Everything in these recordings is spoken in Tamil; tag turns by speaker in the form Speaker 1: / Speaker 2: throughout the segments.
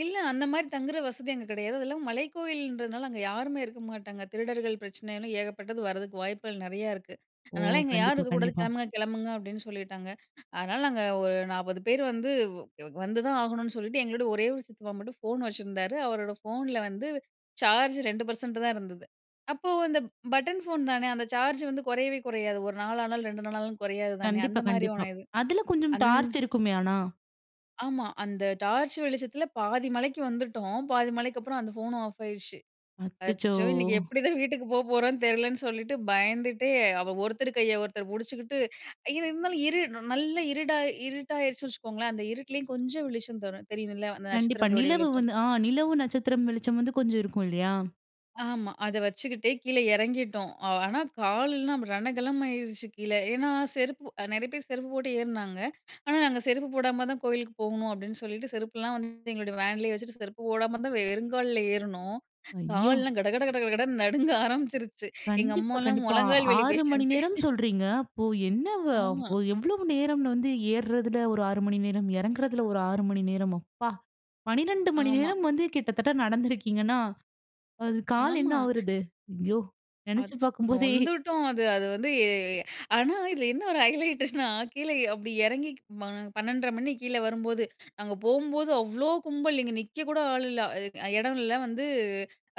Speaker 1: இல்ல அந்த மாரி தங்குற வசதி அங்க கிடையாது, அதெல்லாம் மலைக்கோயிலன்றதுனால அங்க யாருமே இருக்க மாட்டாங்க, திருடர்கள் பிரச்சனைன்னு ஏகப்பட்டது வரதுக்கு வாய்ப்புகள் நிறையா இருக்கு.
Speaker 2: ஓ!
Speaker 1: "அதனால இங்க யாரும்
Speaker 2: கண்டிப்பா
Speaker 1: இருக்க கூடாது,
Speaker 2: கண்டிப்பா.
Speaker 1: கிளம்புங்க கிளம்புங்க" அப்படின்னு சொல்லிட்டாங்க. அதனால நாங்க ஒரு 40 பேர் வ் வந்து வந்து தான் ஆகணுனு சொல்லிட்டு, எங்களோட ஒரே ஒரு சித்தப்பா மட்டும் ஃபோன் வச்சிருந்தாரு, அவரோட ஃபோன்ல வந்து சார்ஜ் 2% தான் இருந்தது. அப்போ அந்த பட்டன் ஃபோன் தான, அந்த சார்ஜ் வந்து குறையவே குறையாது 1 நாளானாலும் 2 நாளானாலும் குறையாது தானே. அந்த
Speaker 2: கண்டிப்பா
Speaker 1: மாரி
Speaker 2: கண்டிப்பா,
Speaker 1: ஒன்னு இது.
Speaker 2: அதில கொஞ்சம்
Speaker 1: அந்
Speaker 2: டார்ச் இருக்குமே, ஆனா!
Speaker 1: ஆமா அந்த டார்ச் வெளிச்சத்தில பாதி மலைக்கு வந்துட்டோம், பாதி மலைக்கப்பறம் அந்த போனும் ஆஃப் ஆயிடுச்சு.
Speaker 2: அச்சச்சோ!
Speaker 1: அச்சோ இன்னைக்கு எப்படி தான் வீட்டுக்கு போப்போறோனு தெரியலனு சொல்லிட்டு, பயந்துட்டே அவ ஒருத்தர் கையை ஒருத்தர் புடிச்சுக்கிட்டு இது இருந்தாலும் இரு ந நல்ல இருடா இருட்டாயிருச்சுன்னு வச்சுக்கோங்களேன், அந்த இருட்டிலயும் கொஞ்சம் வெளிச்சம் தரும் தெரியும்ல அந்த
Speaker 2: கண்டிப்பா,
Speaker 1: நட்சத்திரங்களுடைய
Speaker 2: நிலவு
Speaker 1: வெளிச்சம்.
Speaker 2: வந்து ஆ நிலவு, நட்சத்திரம் வெளிச்சம் வந்து கொஞ்சம் இருக்கும் இல்லையா?
Speaker 1: ஆமா, அதை வச்சுக்கிட்டே கீழ இறங்கிட்டோம். ஆ ஆனா கால் எல்லாம் ரணகலமாயிருச்சு கீழ. ஏன்னா செருப்பு அ நிறைய பேர் செருப்பு போட்டு ஏறினாங்க, ஆனா நாங்க செருப்பு போடாம தான் கோயிலுக்கு போகணும் அப்படின்னு சொல்லிட்டு, செருப்புலாம் வந்து எங்களுடைய வேன்லயே வச்சுட்டு, செருப்பு போடாம தான் வெறுங்கால்ல ஏறினோம்.
Speaker 2: ஐயோ!
Speaker 1: கால்லாம் கட கட கட கட கடன்னு நடுங்க ஆரம்பிச்சுருச்சு, எங்க
Speaker 2: கண்டிப்பா
Speaker 1: அம்மாலாம்
Speaker 2: கண்டிப்பா,
Speaker 1: முழங்கால் வலி
Speaker 2: 6 மணி
Speaker 1: பேஷண்ட்டு
Speaker 2: நேரம் சொல்றீங்க, அப்போ என்ன வ
Speaker 1: ஆமா.
Speaker 2: அப்போ எவ்வளவு நேரம்னு வந்து ஏறுறதில ஒரு 6 மணி நேரம், இறங்குறதில ஒரு 6 மணி நேரம், அப்பா! 12 மணி
Speaker 1: ஆமா.
Speaker 2: நேரம் வந்து கிட்டத்தட்ட நடந்திருக்கீங்கன்னா, அது கால் என்ன
Speaker 1: ஆமா.
Speaker 2: ஆவுறது? ஐயோ நினைச்சு
Speaker 1: அத்
Speaker 2: பார்க்கும்போதே
Speaker 1: நொந்துட்டோம் அது அது வந்து, ஏ ஆனா இதில என்ன ஒரு ஹைலைட்டுனா கீழ எ அப்படி இறங்கி ம 12:30 மணி கீழ வரும்போது. நாங்க போம்போது அவ்ளோ கும்பல், இங்க நிக்க கூட ஆள் இல்ல. அதுக்கு அ இடம் இல்ல வந்து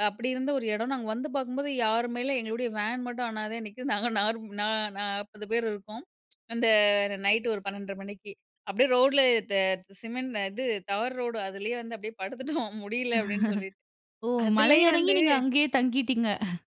Speaker 1: அப்படி இருந்த ஒரு இடம், நாங்க வந்து பார்க்கும்போது யாருமே இல்ல, எங்களுடைய வேன் மட்டும் அனாதையா நிக்குது, நாங்க நா நாப்பது பேர் இருக்கோம். அந்த நைட்டு ஒரு 12:30 ஏஎம் மணிக்கு. அப்படியே ரோட்ல தே சிமெண்ட் அ இது டவர் ரோடு, அதிலேயே வந்து அப்படியே படுத்துட்டோம் முடியல அப்படின்னு சொல்லி.
Speaker 2: ஓ! மலை
Speaker 1: அதுலேயும்
Speaker 2: இறங்கி
Speaker 1: வந்து
Speaker 2: நீங்க அங்கேயே தங்கிட்டீங்க.